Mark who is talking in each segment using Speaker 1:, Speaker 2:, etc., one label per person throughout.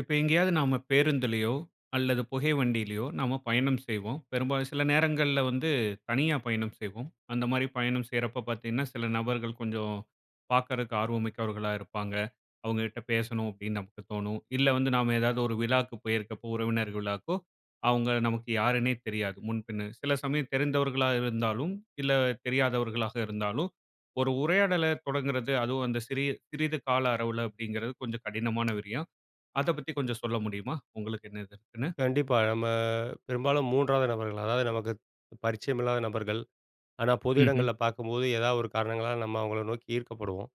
Speaker 1: இப்போ எங்கேயாவது நாம பேருந்திலயோ அல்லது புகை வண்டிலயோ, நாம பயணம் செய்வோம். பெரும்பாலும் சில நேரங்கள்ல வந்து தனியா பயணம் செய்வோம். அந்த மாரி பயணம் செய்றப்போ பார்த்தீங்கன்னா, சில நபர்கள் கொஞ்சம் பார்க்குறதுக்கு ஆர்வம் மிக்கவர்களா இருப்பாங்க. அவுங்ககிட்ட பேசணும், அப்டின்னு நமக்கு தோனும். இல்ல வந்து நாம ஏதாவது ஒரு விழாக்கு போயிருக்கப்போ, உறவினர் விழாக்கோ அவங்க நமக்கு யாருன்னே தெரியாது, முன்பின்னு. சில சமயம் தெரிந்தவர்களா இருந்தாலும், இல்ல தெரியாதவர்களாக இருந்தாலும், ஒரு உரையாடலத் தொடங்குறது, அதுவும் அந்த சிறிய சிறிது கால அளவு அப்டிங்கிறது கொஞ்சம் கடினமான விரியம். அதைப் பத்தி கொஞ்சம் சொல்ல முடியுமா? உங்களுக்கு என்ன இது இருக்குன்னு?
Speaker 2: கண்டிப்பா. நம்ம பெரும்பாலும் மூன்றாவது நபர்கள். அதாவது நமக்கு பரிச்சயமில்லாத நபர்கள். ஆனா பொது
Speaker 1: ம்ஹ்ம்.
Speaker 2: இடங்கள்ல பார்க்கும்போது, ஏதாவது ஒரு காரணங்களால, நம்ம அவங்கள நோக்கி ஈர்க்கப்படுவோம்.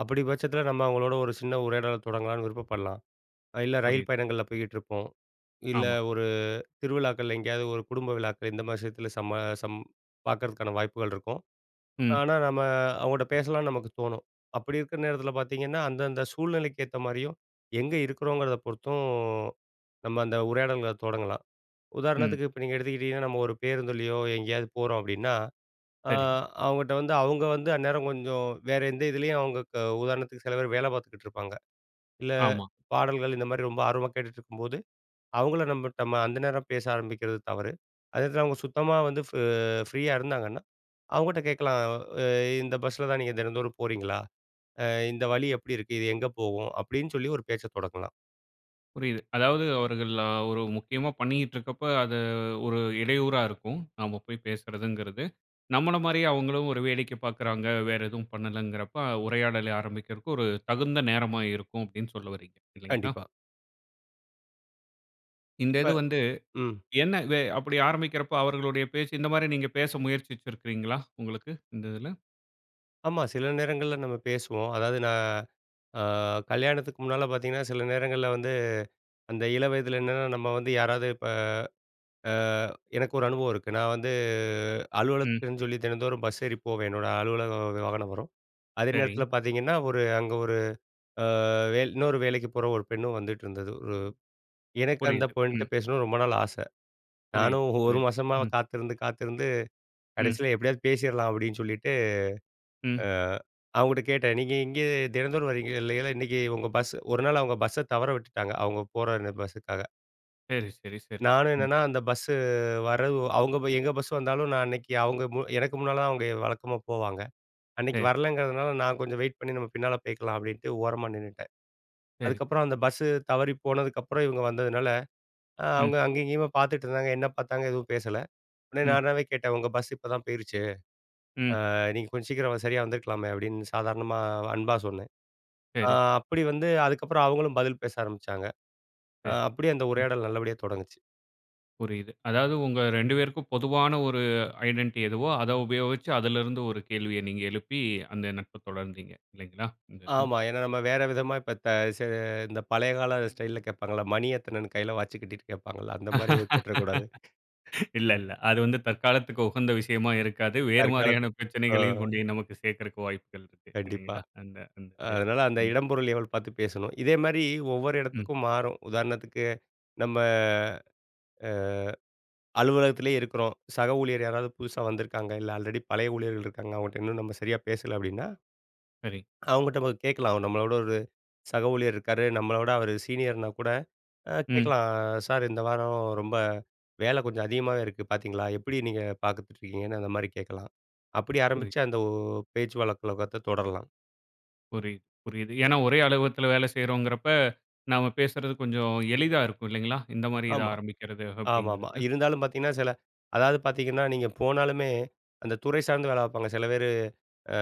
Speaker 2: அப்பிடி பட்சத்தில, நம்ம அவங்களோட ஒரு சின்ன உரையாடல தொடங்கலான்னு விருப்பப்படலாம். அ இல்ல, ரயில்
Speaker 1: புரியுது.
Speaker 2: பயணங்கள்ல போய்கிட்டிருப்போம். இல்ல,
Speaker 1: ஆமா.
Speaker 2: ஒரு திருவிழாக்கள்ல எங்கேயாவது ஒரு குடும்ப விழாக்கள் இந்த மாரி விஷயத்தில சம்ம சம் பார்க்கறதுக்கான வாய்ப்புகள் இருக்கும்.
Speaker 1: ம்.
Speaker 2: ஆனா, நம்ம அவங்கள்கிட்ட பேசலாம்னு நமக்கு தோணும். அப்பிடி இருக்கிற நேரத்தில பார்த்தீங்கன்னா, அந்தந்த சூழ்நிலைக்கு ஏத்த மாரியும், எங்க இருக்கிறோங்கிறத பொறுத்தும், நம்ம அந்த உரையாடல்கள தொடங்கலாம்.
Speaker 1: ம்.
Speaker 2: உதாரணத்துக்கு இப்போ நீங்க எடுத்துக்கிட்டீங்கன்னா, நம்ம ஒரு பேருந்துலயோ எங்கேயாவது போறோம் அப்டின்னா, அ
Speaker 1: சரிங்க.
Speaker 2: அவங்ககிட்ட வந்து அவங்க வந்து அந்நேரம் கொஞ்சம் வேற எந்த இதிலேயும், அவங்க க உதாரணத்துக்கு சில பேரு வேலை பார்த்துக்கிட்டுருப்பாங்க. இல்ல,
Speaker 1: ஆமா.
Speaker 2: பாடல்கள் இந்த மாரி ரொம்ப ஆர்வமா கேட்டுகிட்டுருக்கும்போது, அவுங்கள நம்பட் நம்ம அந்த நேரம் பேச ஆரம்பிக்கிறது தவறு. அதேநேரத்துல அவுங்க சுத்தமா வந்து ஃப் ஃப்ரீயா இருந்தாங்கன்னா, அவுங்கட்ட கேட்கலாம். அ இந்த பஸ்ல தான் நீங்க தினந்தோறும் போறீங்களா? அ இந்த வழி எப்டி இருக்கு? இது எங்க போகும்? அப்டின்னு சொல்லி ஒரு பேச்சைத் தொடங்கலாம்.
Speaker 1: புரியுது. அதாவது அவர்கள் அ ஒரு முக்கியமா பண்ணிக்கிட்ருக்கப்ப அத ஒரு இடையூறா இருக்கும். நாம போய் பேசுறதுங்கிறது. நம்மள மாரியே அவுங்களும் ஒரு வேடிக்கை பார்க்கிறாங்க. வேற எதுவும் பண்ணலங்கிறப்ப உரையாடலை ஆரம்பிக்கிறக்கு ஒரு தகுந்த நேரமா இருக்கும் அப்பிடின்னு சொல்ல வர்றீங்க! இல்லீங்களா!
Speaker 2: கண்டிப்பா.
Speaker 1: இந்த
Speaker 2: இப்ப
Speaker 1: இது வந்து
Speaker 2: ம்.
Speaker 1: என்ன வெ அப்பிடி ஆரம்பிக்கிறப்ப அவர்களுடைய பேச்சு இந்தமாரி நீங்க பேச முயற்சித்திருக்கிறீங்களா? உங்களுக்கு இந்த இதுல.
Speaker 2: ஆமா, சில நேரங்கள்ல நம்ம பேசுவோம். அதாவது, நான் ஆ கல்யாணத்துக்கு முன்னால பார்த்தீங்கன்னா, சில நேரங்கள்ல வந்து அந்த இளவயதில என்னன்னா, நம்ம வந்து யாராவது இப்ப ஆ எனக்கு ஒரு அனுபவம் இருக்கு. நான் வந்து
Speaker 1: ம்.
Speaker 2: அலுவலகத்துக்குன்னு சொல்லி தினந்தோறும் பஸ் ஏறி போவேன். என்னோட அலுவலக வாகனம் வரும். அதே
Speaker 1: சரி.
Speaker 2: நேரத்தில பாத்தீங்கன்னா, ஒரு அங்க ஒரு ஆ வேல் இன்னொரு வேலைக்கு போற ஒரு பெண்ணும் வந்துட்டுருந்தது. ஒரு எனக்கு அந்த
Speaker 1: புரியுது. ம்.
Speaker 2: பெண்ணுட்ட பேசணுன்னு ரொம்ப நாள் ஆச.
Speaker 1: புரியுது,
Speaker 2: நானும் 1
Speaker 1: புரியுது,
Speaker 2: மாசமா
Speaker 1: ம்.
Speaker 2: காத்திருந்து காத்திருந்து
Speaker 1: ம்.
Speaker 2: கடைசில எப்பிடியாவது பேசிர்லாம் அப்பிடின்னு சொல்லிட்டு,
Speaker 1: ம்.
Speaker 2: அ அவுங்ககிட்ட கேட்டேன். 'நீங்க இங்கே தினந்தோறும் வரீங்க இல்லேங்களா?' இன்னக்கி உங்க பஸ் ஒரு நாள் அவுங்க பஸ்ஸ தவற விட்டுட்டாங்க. அவுங்க போற அந்த பஸ்ஸுக்காக.
Speaker 1: சரி, சரி, சரி.
Speaker 2: நானும்
Speaker 1: ம்.
Speaker 2: என்னன்னா அந்த பஸ்ஸு வரவு அவுங்க போய் எங்க பஸ் வந்தாலும் நான் அன்னைக்கு அவங்க மு எனக்கு முன்னால தான் அவங்க வழக்கமா போவாங்க. அன்னைக்கு
Speaker 1: சரி.
Speaker 2: வரலங்கிறதுனால நான் கொஞ்சம் வெயிட் பண்ணி, "நம்ம பின்னால போய்க்கலாம்." அப்படீன்ட்டு ஓரமா நின்னுட்டேன்.
Speaker 1: சரி.
Speaker 2: அதுக்கப்பறம் அந்த பஸ்ஸு தவறிப் போனதுக்கப்பறம் இவங்க வந்ததுனால, அ
Speaker 1: ம்.
Speaker 2: அவுங்க அங்க இங்கேயுமே பாத்துட்டு இருந்தாங்க. என்ன பாத்தாங்க எதுவும் பேசல. ஒன்னே
Speaker 1: ம்.
Speaker 2: நானாவே கேட்டேன், "உங்க பஸ்ஸு இப்ப தான் போயிருச்சு.
Speaker 1: ம்.
Speaker 2: அ நீங்க கொஞ்சம் சீக்கிரம், சரியா வந்துருக்கலாமே." அப்படீன்னு சாதாரணமா அன்பா சொன்னேன். அ
Speaker 1: சரி.
Speaker 2: அப்டி வந்து அதுக்கப்பறம், அவங்களும் பதில் பேச ஆரம்பிச்சாங்க.
Speaker 1: சரி.
Speaker 2: அப்டியே அந்த
Speaker 1: ம்.
Speaker 2: உரையாடல் நல்லபடியா தொடங்குச்சு.
Speaker 1: புரியுது. அதாவது உங்க 2 பேருக்கும் பொதுவான ஒரு ஐடென்ட்டி எதுவோ, அத உபயோகிச்சு அதிலிருந்து ஒரு கேள்விய நீங்க எழுப்பி அந்த நட்ப தொடர்ந்தீங்க, இல்லைங்களா? அந்த இது.
Speaker 2: ஆமா, ஏனா நம்ம வேற விதமா இப்ப த ச இந்த பழைய கால ஸ்டைல்ல கேட்பாங்கல்ல, "மணி எத்தனன்னு கையில வாச்சு கட்டிட்டு கேட்பாங்கல்ல." அந்த மாரி கேட்டுறக்கூடாது.
Speaker 1: இல்ல, இல்ல. அது வந்து தற்காலத்துக்கு உகந்த விஷயமா இருக்காது. வேறு
Speaker 2: தற்காலத்து
Speaker 1: மாரியான
Speaker 2: அ.
Speaker 1: பிரச்சனைகளையும் கொண்டு போய் நமக்கு சேக்கறக்கு வாய்ப்புகள் இருக்கு
Speaker 2: கண்டிப்பா.
Speaker 1: இல்லைங்களா? அந்த அந்த இது.
Speaker 2: அதனால அந்த
Speaker 1: ம்.
Speaker 2: இடம், பொருள், ஏவல் பாத்து பேசணும். இதே மாரி ஒவ்வொரு
Speaker 1: ம்.
Speaker 2: இடத்துக்கும் மாறும். உதாரணத்துக்கு நம்ம அ அலுவலகத்திலேயே இருக்றோம். சக ஊழியர் யாராவது புதுசா வந்துருக்காங்க. இல்ல, ஆல்ரெடி பழைய ஊழியர்கள் இருக்காங்க. அவங்கட்ட இன்னும் நம்ம சரியா பேசல அப்படீன்னா
Speaker 1: சரி.
Speaker 2: அவங்கட்ட கேட்கலாம். அவ நம்மளோட ஒரு சக ஊழியர் இருக்காரு, நம்மள விட அவரு சீனியர்ன்னா கூட அ
Speaker 1: ம்.
Speaker 2: கேட்கலாம், சார்! இந்த வாரம் ரொம்ப வேல கொஞ்சம் அதிகமாவே இருக்கு பாத்தீங்களா? எப்டி நீங்க பாத்துட்டுருக்கீங்கன்னு, அந்த மாரி கேட்கலாம். அப்டி
Speaker 1: சரி.
Speaker 2: ஆரம்பிச்சு அந்த ஒ பேச்சு வழக்கத்த தொடரலாம்
Speaker 1: புரியுது, புரியுது. ஏன்னா, ஒரே அலுவலகத்துல வேல செய்றோம்ங்கிறப்ப, நாம பேசுறது கொஞ்சம் எளிதா இருக்கும் இல்லேங்களா! இந்தமாரி இத
Speaker 2: ஆமா,
Speaker 1: ஆரம்பிக்கிறது
Speaker 2: ஆமாமா.
Speaker 1: அப்படிங்கிறது.
Speaker 2: இருந்தாலும் பார்த்தீங்கன்னா சில அதாவது பார்த்தீங்கன்னா, நீங்க போனாலுமே அந்த துறை சார்ந்த வேலை பார்ப்பாங்க. சில பேரு,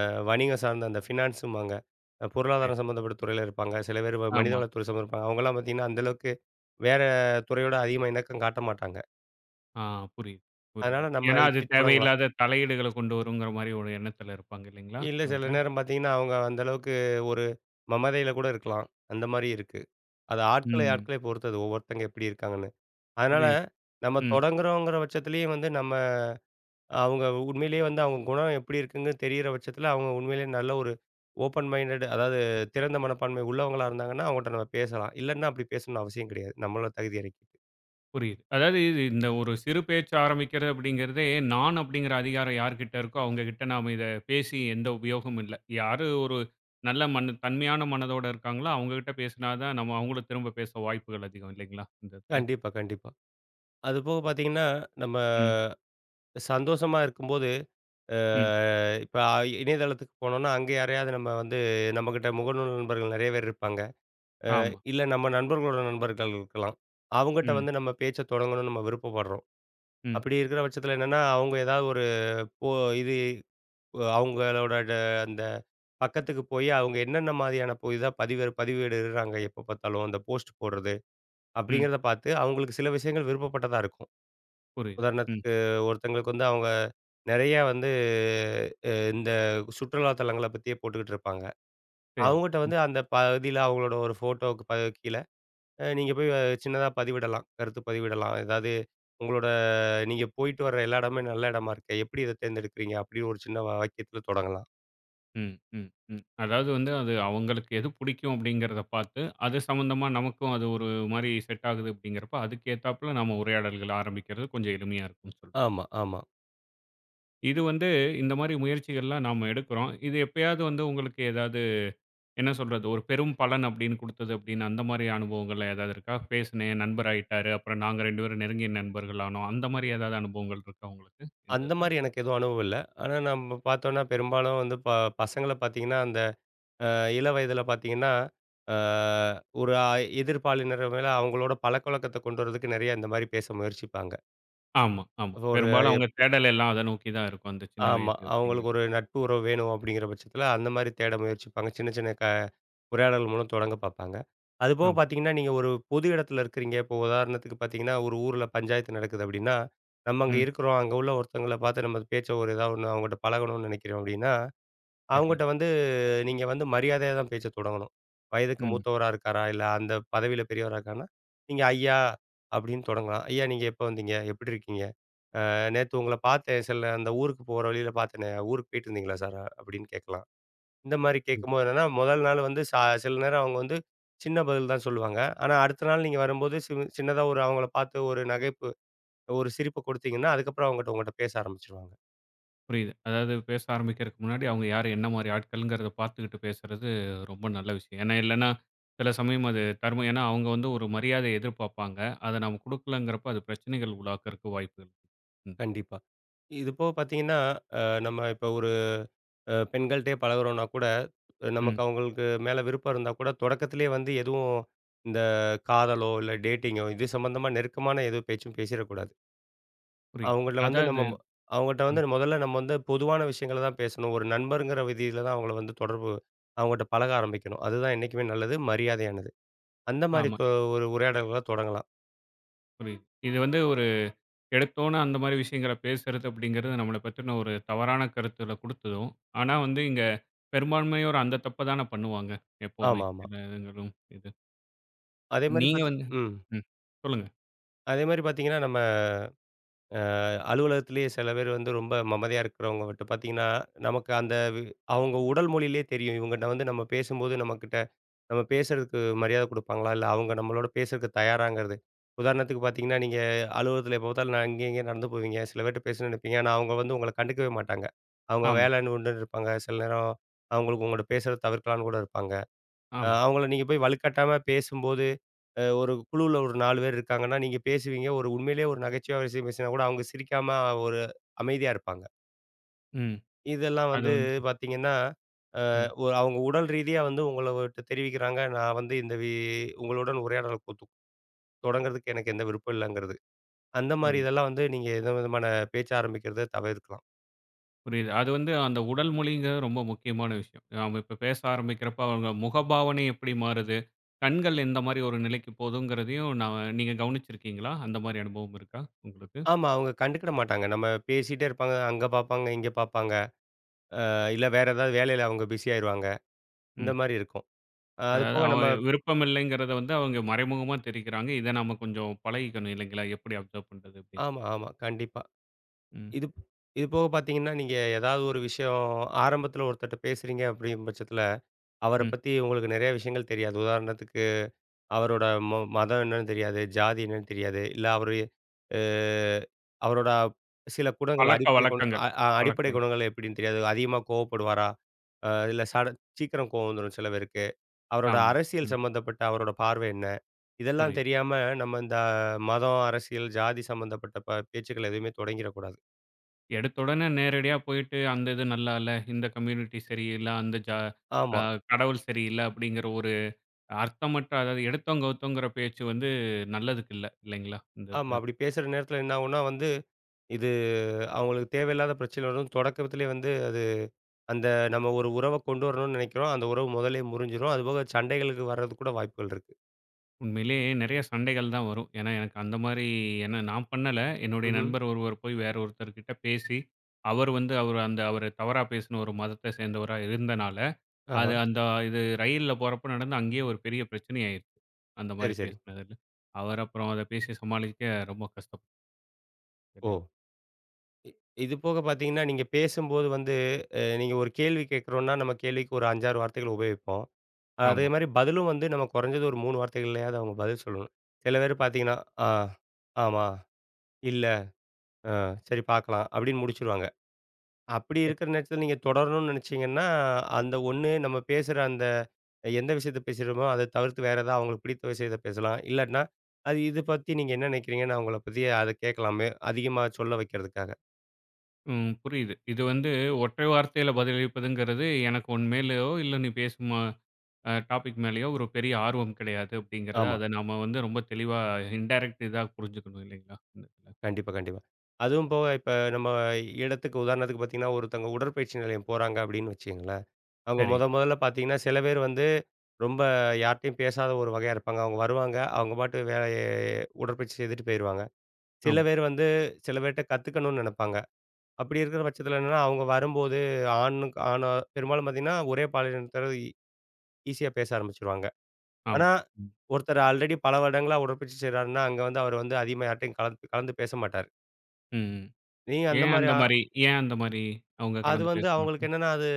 Speaker 2: அ வணிகம் சார்ந்த அந்த ஃபினான்ஸும்பாங்க அ
Speaker 1: சரி.
Speaker 2: பொருளாதாரம் சம்பந்தப்பட்ட துறையில இருப்பாங்க. சில பேர் வ
Speaker 1: ஆமா.
Speaker 2: மனிதவளத்துறை சம்மந்தப்பட்ட அவுங்கள்லாம் பார்த்தீங்கன்னா, அந்த அளவுக்கு வேற துறையோட அதிகமா இணக்கம் காட்ட மாட்டாங்க.
Speaker 1: ஆ, புரியுது,
Speaker 2: அதனால
Speaker 1: புரியுது.
Speaker 2: நம்ம
Speaker 1: ஏன்னா அது
Speaker 2: இப்பிடி தொடங்கலாம்.
Speaker 1: தேவையில்லாத தலையீடுகள கொண்டு வருங்கிறமாரி ஒரு எண்ணத்தில இருப்பாங்க, இல்லேங்களா!
Speaker 2: இல்ல சில
Speaker 1: அவுங்க.
Speaker 2: நேரம் பார்த்தீங்கன்னா, அவுங்க அந்த அளவுக்கு ஒரு மமதையில கூட இருக்கலாம். அந்தமாரி இருக்கு. அது ஆட்களை,
Speaker 1: ம்.
Speaker 2: ஆட்களை பொறுத்தது. ஒவ்வொருத்தங்க எப்படி இருக்காங்கன்னு. அதனால
Speaker 1: புரியுது.
Speaker 2: நம்ம
Speaker 1: ம்.
Speaker 2: தொடங்குறோங்கிற பட்சத்திலேயே வந்து நம்ம அவுங்க உண்மையிலேயே வந்து அவுங்க குணம் எப்படி இருக்குன்னு தெரியிற பட்சத்தில அவுங்க உண்மையிலேயே நல்ல ஒரு ஓப்பன் மைன்டட் அதாவது திறந்த மனப்பான்மை உள்ளவங்களா இருந்தாங்கன்னா, அவுங்கட்ட நம்ம பேசலாம். இல்லன்னா அப்பிடி பேசணுன்னு அவசியம் கிடையாது. நம்மளோட தகுதிய இறக்கிட்டு.
Speaker 1: புரியுது. அதாவது இந்த ஒரு சிறு பேச்சு ஆரம்பிக்கிறது அப்பிடிங்கிறதே நான் அப்பிடிங்கிற அதிகாரம் யார்கிட்ட இருக்கோ! அவுங்ககிட்ட நாம இத பேசி எந்த உபயோகமும் இல்ல. யாரு ஒரு நல்ல மன்னு தன்மையான மனதோட இருக்காங்களோ! அவுங்கக்கிட்ட பேசினா தான் நம்ம அவுங்களும் திரும்ப பேச வாய்ப்புகள் அதிகம் இல்லேங்களா! இந்த இத.
Speaker 2: கண்டிப்பா, கண்டிப்பா. அது போக பார்த்தீங்கன்னா, நம்ம
Speaker 1: ம்.
Speaker 2: சந்தோஷமா இருக்கும்போது,
Speaker 1: ம்.
Speaker 2: ஆ இப்ப அ இணையதளத்துக்கு போனோனா அங்கே யாரையாவது நம்ம வந்து நம்மக்கிட்ட முகநூல் நண்பர்கள் நெறைய பேர் இருப்பாங்க. அ
Speaker 1: ஆமா.
Speaker 2: இல்ல நம்ம நண்பர்களோட நண்பர்கள் இருக்கலாம். அவுங்கட்ட
Speaker 1: ம்.
Speaker 2: வந்து நம்ம பேச்சை தொடங்கணும்னு நம்ம விருப்பப்பட்றோம்.
Speaker 1: ம்.
Speaker 2: அப்படி இருக்கிற பட்சத்தில என்னன்னா, அவுங்க ஏதாவது ஒரு போ இது அ அவுங்களோட ட அந்த பக்கத்துக்கு போய் அவுங்க என்னென்ன மாரியான புதிதா பதிவேடு பதிவிடுறாங்க எப்ப பார்த்தாலும் அந்த போஸ்ட் போடுறது,
Speaker 1: ம்.
Speaker 2: அப்பிடிங்கிறத பார்த்து அவுங்களுக்கு சில விஷயங்கள் விருப்பப்பட்டதா இருக்கும்.
Speaker 1: புரியுது. ம்.
Speaker 2: உதாரணத்துக்கு ஒருத்தவுங்களுக்கு வந்து அவுங்க நெறைய வந்து, அ இந்த சுற்றுலா தலங்கள பத்தியே போட்டுக்கிட்டுருப்பாங்க.
Speaker 1: சரி.
Speaker 2: அவுங்கட்ட
Speaker 1: ம்.
Speaker 2: வந்து அந்த பகுதியில அவுங்களோட ஒரு ஃபோட்டோவுக்கு ப கீழ அ நீங்க போய் சின்னதா பதிவிடலாம். கருத்து பதிவிடலாம். அதாவது உங்களோட நீங்க போயிட்டு வர்ற எல்லா இடமும் நல்ல இடமா இருக்கே! எப்படி இத தேர்ந்தெடுக்கறீங்க, அப்படி ஒரு சின்ன வ வாக்கியத்தில தொடங்கலாம்.
Speaker 1: ம், ம், ம். அதாவது வந்து அது அவுங்களுக்கு எது புடிக்கும் அப்பிடிங்கிறதப் பார்த்து, அது சம்பந்தமா நமக்கும் அது ஒரு மாரி செட் ஆகுது அப்பிடிங்கிறப்ப, அதுக்கு ஏத்தாப்ள நம்ம உரையாடல்கள ஆரம்பிக்கிறது கொஞ்சம் எளிமையா இருக்கும் சொல்
Speaker 2: ஆமா, ஆமா.
Speaker 1: இது வந்து இந்தமாரி முயற்சிகள்லாம் நாம எடுக்கிறோம். இது எப்பயாவது வந்து உங்களுக்கு ஏதாவது என்ன சொல்றது ஒரு பெரும் பலன் அப்பிடின்னு குடுத்தது அப்பிடின்னு அந்தமாரி அனுபவங்கள்ல எதாவது இருக்கா? பேசினேன், என் நண்பர் ஆயிட்டாரு. அப்புறம் நாங்க 2 பேரும் நெருங்கிய நண்பர்கள் ஆனோம். அந்தமாரி ஏதாவது அனுபவங்கள் இருக்கா உங்களுக்கு இந்த இதுல?
Speaker 2: அந்தமாரி எனக்கு எதுவும் அனுபவம் இல்ல. ஆனா, நம்ம பார்த்தோன்னா பெரும்பாலும் வந்து ப பசங்கள பார்த்தீங்கன்னா அந்த அ இள வயதில பார்த்தீங்கன்னா, ஆ ஒரு அ எதிர்ப்பாலினர் மேல அவுங்களோட பழக்கவழக்கத்த கொண்டு வர்றதுக்கு நெறையா இந்தமாரி பேச முயற்சிப்பாங்க.
Speaker 1: ஆமா, ஆமா.
Speaker 2: ஒரு அ
Speaker 1: பெரும்பாலும்
Speaker 2: எப்
Speaker 1: அவுங்க தேடல் எல்லாம் அத நோக்கி தான் இருக்கும். அந்த சின்ன
Speaker 2: ஆமா.
Speaker 1: வயசு
Speaker 2: அவுங்களுக்கு
Speaker 1: அப்பிடிங்கிறது.
Speaker 2: ஒரு நட்பு உறவு வேணும் அப்பிடிங்கிற பட்சத்தில அந்தமாரி தேட முயற்சிப்பாங்க. சின்ன சின்ன க உரையாடல் மூலம் தொடங்க பார்ப்பாங்க. அதுபோக
Speaker 1: ஆமா.
Speaker 2: பார்த்தீங்கன்னா, நீங்க ஒரு பொது இடத்துல இருக்கிறீங்க, இப்ப உதாரணத்துக்கு பார்த்தீங்கன்னா, ஒரு ஊர்ல பஞ்சாயத்து நடக்குது அப்பிடின்னா, நம்ம அங்க
Speaker 1: ம்.
Speaker 2: இருக்கிறோம். அங்க உள்ள ஒருத்தவுங்கள பார்த்து நம்ம பேச்ச ஒரு எதாவது ஒண்ணு அவுங்கட்ட பழகணும்ன்னு நினைக்கிறோம் அப்பிடின்னா,
Speaker 1: சரி.
Speaker 2: அவுங்கட்ட வந்து நீங்க வந்து மரியாதையா தான் பேச தொடங்கணும். வயதுக்கு
Speaker 1: ம்.
Speaker 2: மூத்தவரா இருக்காரா! இல்ல அந்த பதவியில பெரியவரா இருக்கானா! நீங்க ஐயா! அப்பிடின்னு தொடங்கலாம். ஐயா! நீங்க எப்போ வந்தீங்க? எப்பிடி இருக்கீங்க? ஆ நேத்து உங்கள பார்த்தேன். சில அந்த ஊருக்கு போற வழியில பார்த்தேனே! ஊருக்கு போயிட்டுருந்தீங்களா சார்? அப்பிடின்னு கேட்கலாம். இந்தமாரி
Speaker 1: ம்.
Speaker 2: கேட்கும்போது என்னன்னா, முதல் நாள் வந்து ச சில நேரம் அவுங்க வந்து சின்ன பதில் தான் சொல்லுவாங்க. ஆனா அடுத்த நாள் நீங்க வரும்போது சி சின்னதா ஒரு அவுங்கள பார்த்து ஒரு நகைப்பு, ஒரு சிரிப்பு குடுத்தீங்கன்னா, அதுக்கப்பறம் அவுங்கட்ட உங்கட்ட பேச ஆரம்பிச்சிருவாங்க.
Speaker 1: புரியுது. அதாவது பேச ஆரம்பிக்கிறதுக்கு முன்னாடி அவங்க யாரு? என்ன மாரி ஆட்கள்கிறத பார்த்துக்கிட்டு பேசுறது ரொம்ப நல்ல விஷயம். ஏன்னா, இல்லன்னா, சில சமயம் அது தர்மம். ஏன்னா, அவங்க வந்து ஒரு மரியாதைய எதிர்பார்ப்பாங்க. அதை நாம குடுக்கலங்கிறப்ப, அது பிரச்சனைகள் உருவாக்குறதுக்கு வாய்ப்புகள் ம்.
Speaker 2: கண்டிப்பா. இது போக பார்த்தீங்கன்னா, அ, நம்ம இப்போ ஒரு அ பெண்கள்ட்டயே பழகுகிறோம்னா கூட, நமக்கு
Speaker 1: ம்.
Speaker 2: அவங்களுக்கு மேலே விருப்பம் இருந்தா கூட, தொடக்கத்திலேயே வந்து எதுவும் இந்த காதலோ, இல்ல, dating டேட்டிங்கோ? இது சம்பந்தமா நெருக்கமான எது பேச்சும் பேசிறக்கூடாது.
Speaker 1: புரியுது.
Speaker 2: அவங்கள்ல வந்து நம்ம
Speaker 1: அதாவது
Speaker 2: அவங்ககிட்ட வந்து
Speaker 1: ம்.
Speaker 2: முதல்ல நம்ம வந்து பொதுவான விஷயங்கள தான் பேசணும். ஒரு நண்பர்ங்கிற விதியில தான் அவங்கள வந்து தொடர்பு அவங்கட்ட பழக ஆரம்பிக்கணும். அதுதான் என்னைக்குமே நல்லது. மரியாதையானது. அந்த மாரி
Speaker 1: ஆமா.
Speaker 2: தொ ஒரு உரையாடல்கள தொடங்கலாம்.
Speaker 1: புரியுது. இது வந்து ஒரு எடுத்துக்கிட்டோம்னா, அந்த மாதிரி விஷயங்கள பேசுறது அப்படிங்கிறது, நம்மள பத்தின ஒரு தவறான கருத்த குடுத்துடும். ஆனா வந்து இங்க பெரும்பான்மையோர் அந்த தப்பத்தானே பண்ணுவாங்க. எப்போதுமே.
Speaker 2: ஆமாமா.
Speaker 1: எல்லா வயதினரும் இது.
Speaker 2: அதே மாரி
Speaker 1: நீங்க
Speaker 2: பார்த்தீ
Speaker 1: வந்து
Speaker 2: ம்.
Speaker 1: ம், சொல்லுங்க.
Speaker 2: அதேமாரி பார்த்தீங்கன்னா, நம்ம அ அலுவலகத்திலேயே சில பேர் வந்து ரொம்ப அமைதியா இருக்கிறவங்க மட்டும் பார்த்தீங்கன்னா, நமக்கு அந்த வ் அவுங்க உடல் மொழியிலேயே தெரியும். இவங்ககிட்ட வந்து நம்ம பேசும்போது நம்மக்கிட்ட நம்ம பேசுறதுக்கு மரியாதை குடுப்பாங்களா? இல்ல, அவங்க நம்மளோட பேசுறதுக்கு தயாராங்கிறது. உதாரணத்துக்கு பார்த்தீங்கன்னா, நீங்க அலுவலகத்தில எப்போ பார்த்தாலும் ந அங்கே இங்கேனு நடந்து போவீங்க. சில பேர்கிட்ட பேசணும்னு நினைப்பீங்க. ஆனா அவங்க வந்து உங்கள கண்டுக்கவே மாட்டாங்க. அவங்க
Speaker 1: ஆமா.
Speaker 2: வேலைன்னு உண்டுன்னு இருப்பாங்க. சில நேரம் அவங்களுக்கு உங்கிட்ட பேசுறத தவிர்க்கலான்னு கூட இருப்பாங்க. அ,
Speaker 1: ஆமா.
Speaker 2: அவங்கள நீங்க போய் வலுக்கட்டாயமா பேசும்போது, அ, ஒரு குழுவுல ஒரு 4 பேரு இருக்கிறாங்கன்னா, நீங்க பேசுவீங்க. ஒரு உண்மையிலேயே ஒரு நகைச்சுவையான விஷயம் பேசினா கூட, அவங்க சிரிக்காம அமைதியா இருப்பாங்க.
Speaker 1: ம்.
Speaker 2: இதெல்லாம்
Speaker 1: அது
Speaker 2: வந்து
Speaker 1: வந்து.
Speaker 2: பார்த்தீங்கன்னா,
Speaker 1: ம்.
Speaker 2: அ அவங்க உடல் ரீதியா வந்து உங்களுட்ட தெரிவிக்கிறாங்க. நான் வந்து இந்த வி உங்களுடன் உரையாடல் கொத்து தொடங்கறதுக்கு எனக்கு எந்த விருப்பம் இல்லங்கிறது. அந்த மாரி
Speaker 1: [unintelligible]
Speaker 2: இதெல்லாம் வந்து நீங்க எந்த விதமான பேச்சு ஆரம்பிக்கிறத தவிர்க்கலாம்.
Speaker 1: புரியுது. அது வந்து அந்த உடல் மொழிங்கிறது ரொம்ப முக்கியமான விஷயம். நாம இப்போ பேச ஆரம்பிக்கிறப்ப அவங்க முகபாவனை எப்டி மாறுது, கண்கள் எந்த மாரி ஒரு நிலைக்கு போகுதுங்கிறதையும் நா நீங்க கவனிச்சிருக்கீங்களா? அந்த மாரி அனுபவம் இருக்கா உங்களுக்கு?
Speaker 2: ஆமா. அவுங்க கண்டுக்கிட மாட்டாங்க. நம்ம பேசிட்டே இருப்பாங்க. அங்க பார்ப்பாங்க, இங்க பார்ப்பாங்க. அ இல்ல, வேற ஏதாவது வேலையில அவுங்க பிசி ஆகிருவாங்க. இந்த
Speaker 1: ம்.
Speaker 2: மாரி இருக்கும். அது
Speaker 1: அதாவது,
Speaker 2: போக நம்ம
Speaker 1: அவங்க விருப்பம் இல்லைகிறத வந்து அவங்க மறைமுகமா தெரிவிக்கிறாங்க. இதை நாம கொஞ்சம் பழகிக்கணும். இல்லைங்களா! எப்டி அப்சர்வ் பண்ணுறது அப்பிடீன்டு.
Speaker 2: ஆமா, ஆமா. கண்டிப்பா.
Speaker 1: ம்.
Speaker 2: இதுப் இது போக பார்த்தீங்கன்னா, நீங்க ஏதாவது ஒரு விஷயம் ஆரம்பத்தில ஒருத்தர்ட்ட பேசுறீங்க. அப்டின்ற பட்சத்தில அவர
Speaker 1: ம்.
Speaker 2: பத்தி உங்களுக்கு நெறைய விஷயங்கள் தெரியாது. உதாரணத்துக்கு அவரோட ம மதம் என்னென்னு தெரியாது. ஜாதி என்னன்னு தெரியாது. இல்ல, அவரு அ அவரோட சில குணங்கள்,
Speaker 1: பழக்க
Speaker 2: அடிப்படை குண
Speaker 1: வழக்கங்கள்.
Speaker 2: அ அ
Speaker 1: பழக்க
Speaker 2: அடிப்படை
Speaker 1: வழக்க
Speaker 2: குணங்கள் எப்டின்னு தெரியாது. அதிகமா கோவப்படுவாரா? இல்ல, சடன் சீக்கிரம் கோவம் வந்துரும் சில பேருக்கு. அவரோட
Speaker 1: ஆமா.
Speaker 2: அரசியல்
Speaker 1: ம்.
Speaker 2: சம்மந்தப்பட்ட அவரோட பார்வை என்ன? இதெல்லாம்
Speaker 1: புரியுது.
Speaker 2: தெரியாம, நம்ம இந்த மதம், அரசியல், ஜாதி சம்பந்தப்பட்ட ப பேச்சுக்கள எதுவுமே தொடங்கிற கூடாது.
Speaker 1: எடுத்த உடனே நேரடியா போய்ட்டு, அந்த இது நல்லா இல்ல, இந்த கம்யூனிட்டி சரியில்ல, அந்த ஜா ஆ
Speaker 2: ஆமா.
Speaker 1: கடவுள் சரியில்ல அப்டிங்கிற ஒரு அர்த்தமற்ற அதாவது எடுத்தோம் கவுத்தோம்ங்கிற பேச்சு வந்து, நல்லதுக்கு இல்ல. இல்லைங்களா! இந்த
Speaker 2: ஆமா
Speaker 1: இதுல.
Speaker 2: அப்படி பேசுற நேரத்தில என்ன ஆவும்ன்னா, வந்து இது அவங்களுக்கு தேவையில்லாத பிரச்சனை வரும் தொடக்கத்திலேயே வந்து அது அந்த நம்ம ஒரு உறவ கொண்டு வரணும்னு நெனைக்கிறோம். அந்த உறவு மொதல்லயே முறிஞ்சிரும். அதுபோக சண்டைகள் இது வர்றதுக்கு கூட வாய்ப்புகள் இருக்கு.
Speaker 1: உண்மையிலே நெறைய சண்டைகள் தான் வரும். ஏன்னா எனக்கு அந்த மாரி ஏன்னா நான் பண்ணல, என்னுடைய
Speaker 2: ம்ஹ்ம்.
Speaker 1: நண்பர் ஒருவர் போய் வேற ஒருத்தர் கிட்ட பேசி, அவர் வந்து அவரு அந்த அவர தவறா பேசின ஒரு மதத்தை சேந்தவரா இருந்தனால,
Speaker 2: ஆஹ.
Speaker 1: அது அந்த இது ரயில்ல போகிறப்போ நடந்து, அங்கேயே ஒரு பெரிய பிரச்சனை ஆயிருச்சு அந்த மாரி
Speaker 2: சரி சரி.
Speaker 1: பேசினதில. அவர் அப்புறம் அதை பேசி சமாளிக்க ரொம்ப கஷ்டப்
Speaker 2: ஓ!
Speaker 1: [unintelligible]
Speaker 2: இ இது போக பாத்தீங்கன்னா, நீங்க பேசும்போது வந்து அ நீங்க ஒரு கேள்வி கேக்குறோன்னா, நம்ம கேள்விக்கு ஒரு 5, 6 வார்த்தைகள் உபயோகிப்போம். அதே
Speaker 1: ஆமா.
Speaker 2: மாரி பதிலும் வந்து, நம்ம கொறைஞ்சது ஒரு 3 வார்த்தைகள்லயாவது அவங்க பதில் சொல்லணும். சில பேர் பாத்திங்கன்னா, ஆ "ஆமா, இல்லை, ஆ சரி பாக்கலாம்" அப்டின்னு முடிச்சுருவாங்க அப்படி
Speaker 1: எப்
Speaker 2: இருக்கிற நேரத்தில நீங்க தொடரணுன்னு நெனைச்சிங்கன்னா, அந்த ஒண்ணு நம்ம பேசுற அந்த எந்த விஷயத்தை பேசுறோமோ, அத தவிர்த்து வேற எதாவது அவுங்களுக்கு பிடித்த விஷயத்தை பேசலாம் இல்லாட்ன்னா, அது இது பத்தி நீங்க என்ன நினைக்கிறீங்கன்னு? அவுங்கள பத்தி அத கேக்கலாமே! அதிகமா சொல்ல வைக்கிறதுக்காக.
Speaker 1: ம். புரியுது. இது வந்து ஒற்றை வார்த்தையில பதிலளிப்பதுங்கறது, "எனக்கு உன் மேலயோ, இல்ல நீ பேசும் அ அ டாபிக் மேலயோ ஒரு பெரிய ஆர்வம் கெடையாது." அப்படீங்கிறது.
Speaker 2: ஆமா.
Speaker 1: அத நம்ம வந்து ரொம்ப தெளிவா இன்டேரக்ட் இதா புரிஞ்சுக்கணும் இல்லைங்களா? ம்.
Speaker 2: கண்டிப்பா, கண்டிப்பா. அதுவும் போக இப்ப நம்ம இடத்துக்கு உதாரணத்துக்கு பாத்தீங்கன்னா, "ஒருத்தங்க உடற்பயிற்சி நிலையம் போறாங்க." அப்படீன்னு வச்சுக்கங்களேன். அவுங்க
Speaker 1: சரி.
Speaker 2: மொத மொதல்ல பாத்தீங்கன்னா, சில பேர் வந்து ரொம்ப யார்ட்டயும் பேசாத ஒரு வகையா இருப்பாங்க. அவுங்க வருவாங்க, அவுங்க பாட்டுக்கு வேலை உடற்பயிற்சி செய்துட்டு போயிருவாங்க. சில
Speaker 1: ஆம்.
Speaker 2: பேர் வந்து, சில பேர்ட்ட கத்துக்கணும்ன்னு நெனப்பாங்க. அப்படி இருக்கிற பட்சத்தில என்னன்னா, அவுங்க வரும்போது ஆணுக்கு ஆணோ பெரும்பாலும் பாத்தீங்கன்னா, ஒரே பாலினத்தாரோட ஈஸியா பேச ஆரம்பிச்சுருவாங்க.
Speaker 1: ஆம்.
Speaker 2: ஆனா
Speaker 1: ம்.
Speaker 2: ஒருத்தர் ஆல்ரெடி பல வருடங்களா உடற்பயிற்சி செய்றார்ன்னா, அங்க வந்து அவரு வந்து அதிகமா யார்ட்டயும் கலந்து கலந்து பேச மாட்டார்.
Speaker 1: ம். ம்.
Speaker 2: நீங்க அந்த
Speaker 1: ஏன்
Speaker 2: மாரி
Speaker 1: அந்த
Speaker 2: ஆ
Speaker 1: மாரி ஏன் அந்த மாரி, அவுங்க
Speaker 2: அது
Speaker 1: கலந்து பேச
Speaker 2: வந்து அவுங்களுக்கு
Speaker 1: மாட்டாங்க?
Speaker 2: என்னன்னா, அது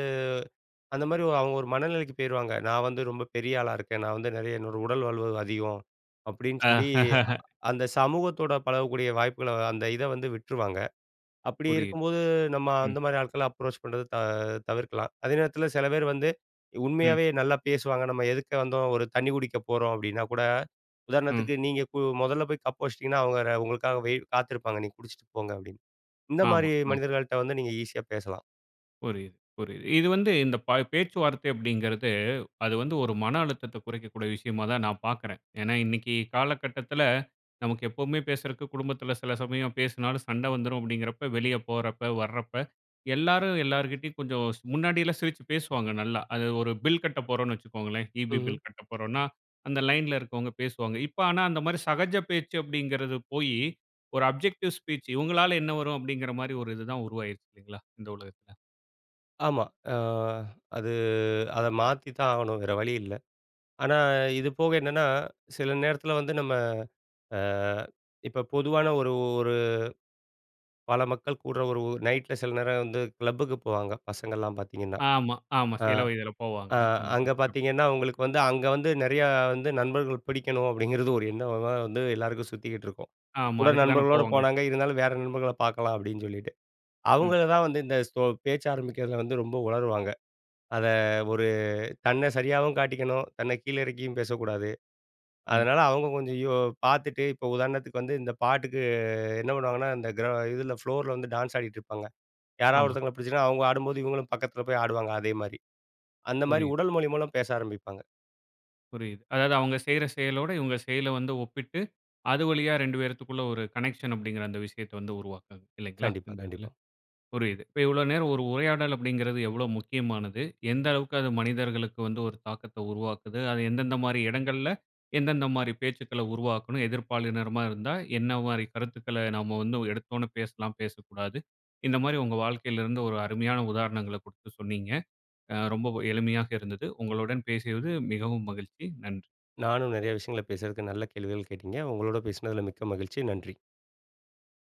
Speaker 2: அந்த மாரி அவுங்க ஒரு மனநிலைக்கு போயிருவாங்க. "நான் வந்து ரொம்ப பெரிய ஆளா இருக்கேன். நான் வந்து நெறைய என்னோட உடல் வலுவு அதிகம்." அப்டீன்னு
Speaker 1: ஆ.
Speaker 2: சொல்லி, அந்த சமூகத்தோட பழகக்கூடிய வாய்ப்புகள, அந்த இத வந்து விட்ருவாங்க. அப்படி
Speaker 1: புரியுது.
Speaker 2: இருக்கும்போது, நம்ம அந்த
Speaker 1: ம்.
Speaker 2: மாரி ஆட்கள அப்ரோச் பண்ணுறது த தவிர்க்கலாம். அதே நேரத்தில சில பேர் வந்து
Speaker 1: ம்.
Speaker 2: உண்மையாவே நல்லா பேசுவாங்க. "நம்ம எதிர்ல வந்தோம், ஒரு தண்ணி குடிக்க போறோம்." அப்படீன்னா கூட,
Speaker 1: ம்.
Speaker 2: உதாரணத்துக்கு நீங்க கு முதல்ல போய் கப் வச்சுட்டீங்கன்னா, அவங்க ர உங்களுக்காக வெயிட் காத்திருப்பாங்க. "நீங்க குடிச்சிட்டு போங்க." அப்படீன்னு. இந்த
Speaker 1: ஆமா.
Speaker 2: மாரி
Speaker 1: ம்.
Speaker 2: மனிதர்கள்ட்ட வந்து நீங்க ஈசியா பேசலாம்.
Speaker 1: புரியுது, புரியுது. இது வந்து இந்த ப பேச்சுவார்த்தை அப்படிங்கறது, அது வந்து ஒரு மன அழுத்தத்தை குறைக்கக்கூடிய விஷயமா தான் நான் பார்க்குறேன். ஏன்னா இன்னைக்கு காலகட்டத்துல நமக்கு எப்பவுமே பேசறக்கு, குடும்பத்துல சில சமயம் பேசுனாலும் சண்டை வந்துரும். அப்படீங்கறப்ப வெளிய போறப்ப, வரப்ப எல்லாரும் எல்லார்கிட்டயும் கொஞ்சம் ஸ் முன்னாடில்லாம் சிரிச்சு பேசுவாங்க நல்லா. அது ஒரு பில் கட்டப்போறோம்ன்னு வச்சுக்கோங்களேன் ஈபி
Speaker 2: ம்ஹ்ம்.
Speaker 1: பில் கட்டப்போறோம்ன்னா, அந்த லைன்ல இருக்கவங்க பேசுவாங்க. இப்ப ஆனா அந்த மாரி 'சகஜ பேச்சு' அப்படிங்கறது போயி, ஒரு அப்ஜெக்டிவ் ஸ்பீச், இவங்களால என்ன வரும்? அப்படிங்கற மாரி ஒரு இது தான் உருவாயிருச்சு இல்லைங்களா? இந்த உலகத்துல.
Speaker 2: ஆமா. அ அது அத மாத்தித்தான் ஆகணும். வேற வழி இல்ல. ஆனா இது போக என்னன்னா, சில நேரத்துல வந்து, நம்ம அ இப்ப பொதுவான ஒரு ஒரு பல மக்கள் கூடுற ஒரு நைட்ல சில நேரம் வந்து கிளப்புக்கு போவாங்க, பசங்கல்லாம் பாத்தீங்கன்னா.
Speaker 1: ஆமா. ஆமா.
Speaker 2: ஆ.
Speaker 1: சில வயதுல போவாங்க.
Speaker 2: அ. அங்க
Speaker 1: ம்.ம்.ம்.
Speaker 2: பாத்தீங்கன்னா அவங்களுக்கு வந்து, அங்க வந்து நெறையா வந்து நண்பர்கள் புடிக்கணும். அப்படிங்கறது ஒரு எண்ணமா வந்து எல்லாருக்கும் சுத்திக்கிட்டுருக்கும்.
Speaker 1: ஆமா.
Speaker 2: கூட
Speaker 1: அதுக்கு தான
Speaker 2: நண்பர்களோட
Speaker 1: போவாங்க.
Speaker 2: போனாங்க, இருந்தாலும் வேற நண்பர்கள பாக்கலாம். அப்படின்னு சொல்லிட்டு.
Speaker 1: ம்.
Speaker 2: அவங்கள தான் வந்து இந்த ஸோ பேச்சு ஆரம்பிக்கறதுல வந்து ரொம்ப உலறுவாங்க. அத ஒரு தன்ன சரியாவும் காட்டிக்கணும், தன்ன கீழ இறக்கியும் பேசக்கூடாது.
Speaker 1: ம்.
Speaker 2: அதனால அவங்க கொஞ்சம் யோ பாத்துட்டு, இப்ப உதாரணத்துக்கு வந்து இந்த பாட்டுக்கு என்ன பண்ணுவாங்கன்னா, இந்த கிர இதுல ஃப்ளோர்ல வந்து டான்ஸ் ஆடிட்டுருப்பாங்க. யாராவது
Speaker 1: ஆமா.
Speaker 2: ஒருத்தவங்கள பிடிச்சதுன்னா, அவங்க ஆடும்போது இவங்களும் பக்கத்துல போய் ஆடுவாங்க அதே மாரி. அந்த மாரி
Speaker 1: புரியுது.
Speaker 2: உடல் மொழி மூலம் பேச ஆரம்பிப்பாங்க.
Speaker 1: புரியுது. அதாவது அவங்க செய்ற செயலோடு, இவங்க செயலை வந்து ஒப்பிட்டு அது வழியா 2 பேருத்துக்குள்ள ஒரு கனெக்ஷன் அப்படிங்கற அந்த விஷயத்தை வந்து உருவாக்குறது இல்லைங்களா?
Speaker 2: கண்டிப்பா,
Speaker 1: இந்த இதுல.
Speaker 2: கண்டிப்பா.
Speaker 1: புரியுது, இப்ப இவ்வளோ நேரம் ஒரு உரையாடல் அப்படிங்கறது எவ்வளோ முக்கியமானது, எந்த அளவுக்கு அது மனிதர்களுக்கு வந்து ஒரு தாக்கத்த உருவாக்குது. அது எந்தெந்த மாரி இடங்கள்ல, எந்தெந்த மாரி பேச்சுக்கள உருவாக்கணும். எதிர்ப்பாலினரமா இருந்தா என்ன மாரி கருத்துக்கள நம்ம வந்து ஒரு எடுத்த ஒன்ன பேசலாம், பேசக்கூடாது. இந்த மாரி உங்க வாழ்க்கையிலிருந்து ஒரு அருமையான உதாரணங்களைக் குடுத்து சொன்னீங்க. அ. ரொம்பவும் எளிமையாக இருந்தது. உங்களுடன் பேசியது மிகவும் மகிழ்ச்சி. நன்றி.
Speaker 2: நானும் நெறைய விஷயங்கள பேசுறதுக்கு நல்ல கேள்விகள் கேட்டீங்க. உங்களோட பேசுனதுல மிக்க மகிழ்ச்சி. நன்றி.